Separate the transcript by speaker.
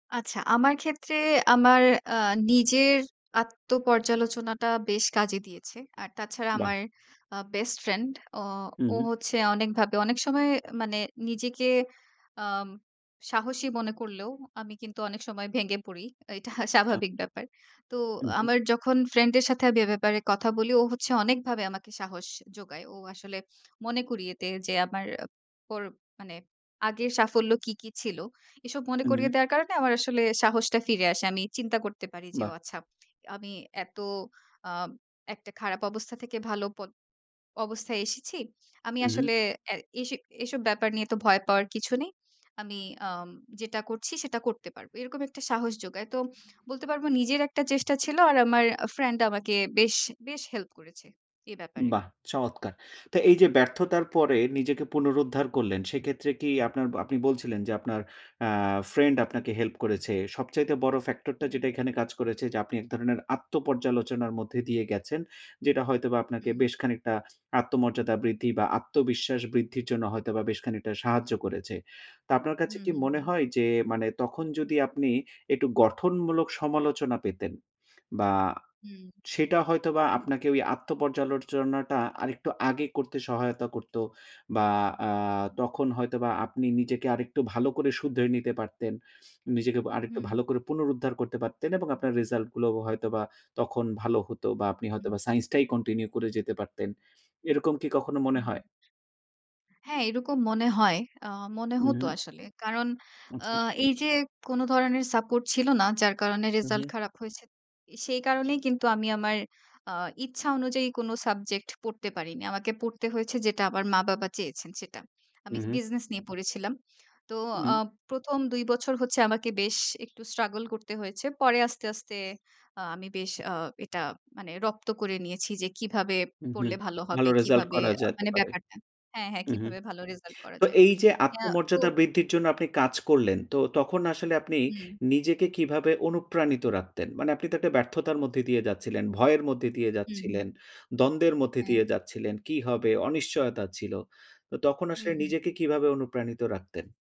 Speaker 1: আচ্ছা। আমার ক্ষেত্রে আমার আ নিজের আত্ম পর্যালোচনাটা বেশ কাজে দিয়েছে। আর তাছাড়া
Speaker 2: বাহ!
Speaker 1: আমার আ বেস্ট ফ্রেন্ড অ
Speaker 2: হু,
Speaker 1: ও
Speaker 2: হু।
Speaker 1: হচ্ছে অনেকভাবে অনেক সময় মানে নিজেকে আম সাহসী মনে করলেও আমি কিন্তু অনেক সময় ভেঙে পড়ি। এইটা
Speaker 2: আচ্ছা।
Speaker 1: স্বাভাবিক ব্যাপার। তো
Speaker 2: হু, হু।
Speaker 1: আমার যখন ফ্রেন্ড এর সাথে আমি এ ব্যাপারে কথা বলি ও হচ্ছে অনেকভাবে আমাকে সাহস জোগায়। ও আসলে মনে করিয়ে দেয় যে, আমার পর মানে আগের সাফল্য কি, কি, ছিল। এসব মনে
Speaker 2: হুম।
Speaker 1: করিয়ে দেওয়ার কারণে আমার আসলে সাহসটা ফিরে আসে। আমি চিন্তা করতে পারি যে
Speaker 2: বাহ!
Speaker 1: ও আচ্ছা আমি এত আ একটা খারাপ অবস্থা থেকে ভালো পথ অবস্থায় এসেছি। আমি
Speaker 2: হু, হু।
Speaker 1: আসলে এ্যা এসে এসব ব্যাপার নিয়ে তো ভয় পাওয়ার কিছু নেই। আমি আম যেটা করছি সেটা করতে পারব। এরকম একটা সাহস জোগায়। তো বলতে পারব নিজের একটা চেষ্টা ছিল। আর আমার আ ফ্রেন্ড আমাকে বেশ, বেশ, হেল্প করেছে এ ব্যাপারে।
Speaker 2: বাহ! চমৎকার। তো এই যে ব্যর্থতার পরে নিজেকে পুনরুদ্ধার করলেন সেক্ষেত্রে, কি আপনার আপনি বলছিলেন যে আপনার অ্যা ফ্রেন্ড আপনাকে হেল্প করেছে। সবচাইতে বড় ফ্যাক্টর টা
Speaker 1: হুম।
Speaker 2: যেটা এখানে কাজ করেছে যে, আপনি এক ধরনের আত্ম পর্যালোচনার মধ্যে দিয়ে গেছেন। যেটা হয়তোবা আপনাকে
Speaker 1: হুম।
Speaker 2: বেশ খানিকটা আত্মমর্যাদা বৃদ্ধি বা আত্মবিশ্বাস বৃদ্ধির জন্য হয়তোবা বেশ খানিকটা সাহায্য করেছে। তো আপনার কাছে
Speaker 1: হুম,
Speaker 2: কি
Speaker 1: হুম,
Speaker 2: মনে
Speaker 1: হুম।
Speaker 2: হয় যে, মানে তখন যদি আপনি একটু গঠনমূলক সমালোচনা পেতেন বা
Speaker 1: হুম।
Speaker 2: সেটা হয়তোবা আপনাকে ওই আত্ম পর্যালোচনাটা আরেকটু আগে করতে সহায়তা করত। বা আ তখন হয়তোবা আপনি নিজেকে আরেকটু ভালো করে শুধরে নিতে পারতেন। নিজেকে আরেকটু
Speaker 1: হুম।
Speaker 2: ভালো করে পুনরুদ্ধার করতে পারতেন এবং আপনার রেসাল্ট গুলো হয়তোবা তখন ভালো হতো বা আপনি
Speaker 1: হুম।
Speaker 2: হয়তোবা সাইন্স টাই কন্টিনিউ করে যেতে পারতেন। এরকম কি কখনো মনে
Speaker 1: হুম।
Speaker 2: হয়?
Speaker 1: হ্যাঁ, এরকম মনে হয়। আ মনে
Speaker 2: হু,
Speaker 1: হত
Speaker 2: হু।
Speaker 1: আসলে। কারণ আ
Speaker 2: আচ্ছা।
Speaker 1: এই যে কোন ধরনের সাপোর্ট ছিল না। যার কারণে
Speaker 2: হু,
Speaker 1: রেজাল্ট
Speaker 2: হু।
Speaker 1: খারাপ হইছে। এ সেই কারণেই কিন্তু আমি আমার আ ইচ্ছা অনুযায়ী কোন সাবজেক্ট পড়তে পারিনি। আমাকে পড়তে হয়েছে যেটা আমার মা-বাবা চেয়েছেন সেটা।
Speaker 2: হু,
Speaker 1: আমি
Speaker 2: হু।
Speaker 1: বিজনেস নিয়ে পড়েছিলাম। তো আ
Speaker 2: হুম।
Speaker 1: ১ম ২ বছর হচ্ছে আমাকে বেশ একটু স্ট্রাগল করতে হয়েছে। পরে আস্তে, আস্তে, আ আমি বেশ আ এটা মানে রপ্ত করে নিয়েছি যে কীভাবে
Speaker 2: উ, হু।
Speaker 1: পড়লে ভালো হবে?
Speaker 2: ভালো রেজাল্ট
Speaker 1: কিভাবে
Speaker 2: করা
Speaker 1: আ
Speaker 2: যেতে
Speaker 1: মানে
Speaker 2: পারে।
Speaker 1: ব্যাপারটা হ্যাঁ, হ্যাঁ,
Speaker 2: উ, হু
Speaker 1: কীভাবে ভালো রেজাল্ট করা
Speaker 2: তো
Speaker 1: যায়?
Speaker 2: এই যে
Speaker 1: হ্যাঁ, তো
Speaker 2: আত্মমর্যাদা বৃদ্ধির জন্য আপনি কাজ করলেন। তো তখন আসলে আপনি
Speaker 1: হুম।
Speaker 2: নিজেকে কিভাবে অনুপ্রাণিত রাখতেন? মানে আপনি তো একটা ব্যর্থতার মধ্যে দিয়ে যাচ্ছিলেন, ভয়ের মধ্যে দিয়ে
Speaker 1: হু, হুম।
Speaker 2: যাচ্ছিলেন, দ্বন্দ্বের মধ্যে দিয়ে
Speaker 1: হ্যাঁ।
Speaker 2: যাচ্ছিলেন কি হবে অনিশ্চয়তা ছিল। তো তখন
Speaker 1: হু,
Speaker 2: আসলে
Speaker 1: হু।
Speaker 2: নিজেকে কিভাবে অনুপ্রাণিত রাখতেন?